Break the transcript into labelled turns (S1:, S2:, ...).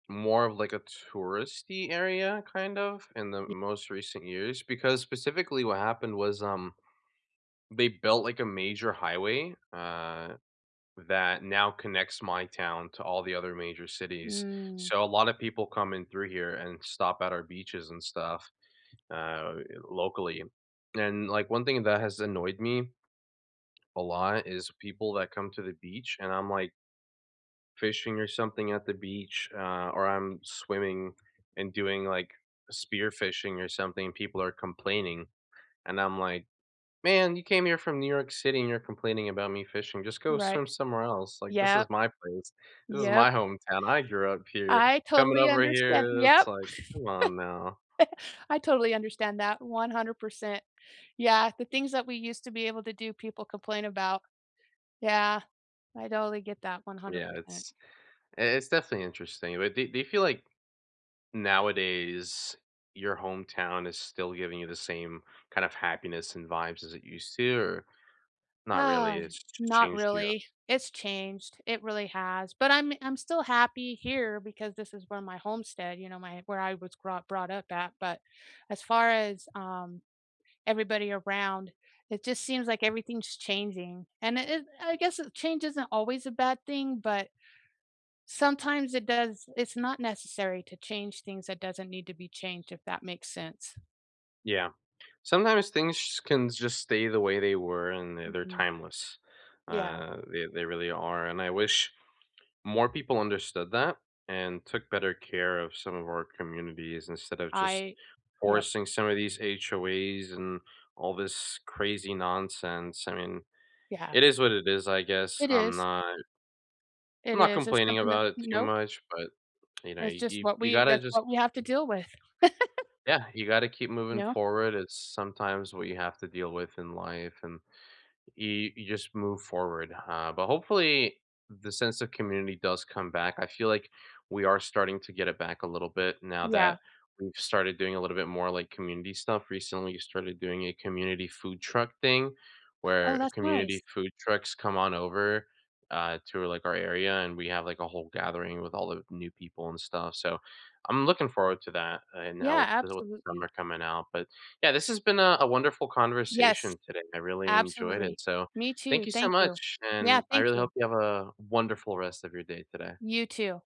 S1: More of like, a touristy area, kind of, in the
S2: Y
S1: most recent years, because specifically what happened was, um, they built like, a major highway, uh, that now connects my town to all the other major cities,
S2: Mm.
S1: so, a lot of people come in through here and stop at our beaches and stuff, uh, eh, locally. And, like, one thing that has annoyed me a lot, is people that come to the beach and I'm like fishing or something at the beach, uh, or I'm swimming and doing like, spearfishing or something, people are complaining. And I'm like, "Man, you came here from New York City and you're complaining about me fishing, just go
S2: Right.
S1: swim somewhere else, like, this is
S2: Yep.
S1: my place, this is
S2: Yep.
S1: my hometown, I grew up here,
S2: I
S1: coming
S2: totally
S1: over
S2: understand
S1: here, it's
S2: yep.
S1: like, come on now."
S2: I totally understand that 100%. Yeah, the things that we used to be able to do people complain about. Yeah, I totally get that one hundred
S1: Yeah,
S2: percent.
S1: it's i it's definitely interesting, but do do you feel like nowadays, your hometown is still giving you the same kind of happiness and vibes as it used to or not really,
S2: Ah,
S1: it's ch
S2: not
S1: changed you?
S2: really, it's changed, it really has, but I'm I'm still happy here because this is where my homestead you know, my where I was grot brought up at, but as far as, um, everybody around, it just seems like everything's changing, and it it I guess change isn't always a bad thing, but sometimes it does it's not necessary to change things that doesn't need to be changed, if that makes sense.
S1: Yeah. Sometimes things sh can just stay the way they were and th they're
S2: Mhm.
S1: timeless,
S2: Yeah.
S1: uh, they they really are, and I wish more people understood that, and took better care of some of our communities instead of just
S2: I yep.
S1: forcing some of these HOAs and all this crazy nonsense, I mean,
S2: Yeah.
S1: it is what it is, I guess,
S2: It
S1: I'm
S2: is.
S1: not I'm
S2: It
S1: not
S2: is, it's
S1: complaining
S2: something that
S1: about it too
S2: nope.
S1: much, but, you know,
S2: It's just
S1: you
S2: what
S1: you
S2: we
S1: gotta
S2: that's
S1: just
S2: what we have to deal with.
S1: yeah, you gotta keep moving
S2: Yeah.
S1: forward, it's sometimes what you have to deal with in life and you you just move forward, uh, but hopefully, the sense of community does come back, I feel like we are starting to get it back a little bit now
S2: Yeah.
S1: that we've started doing a little bit more, like, community stuff, recently, we started doing a community food truck thing,
S2: Oh,
S1: where
S2: that's nice.
S1: community food trucks come on over, uh, tour, like, our area, and we have, like, a whole gathering with all the new people and stuff, so, I'm looking forward to that, and I
S2: Yeah,
S1: will deal with the
S2: absolutely.
S1: summer coming out, but, yeah, this has been a a wonderful
S2: Yes.
S1: conversation today, I really enjoyed it,
S2: Absolutely.
S1: so,
S2: Me
S1: thank
S2: too,
S1: you so
S2: thank you.
S1: much,
S2: Yeah,
S1: and I
S2: thank
S1: really hope
S2: you.
S1: you have a wonderful rest of your day today.
S2: You too.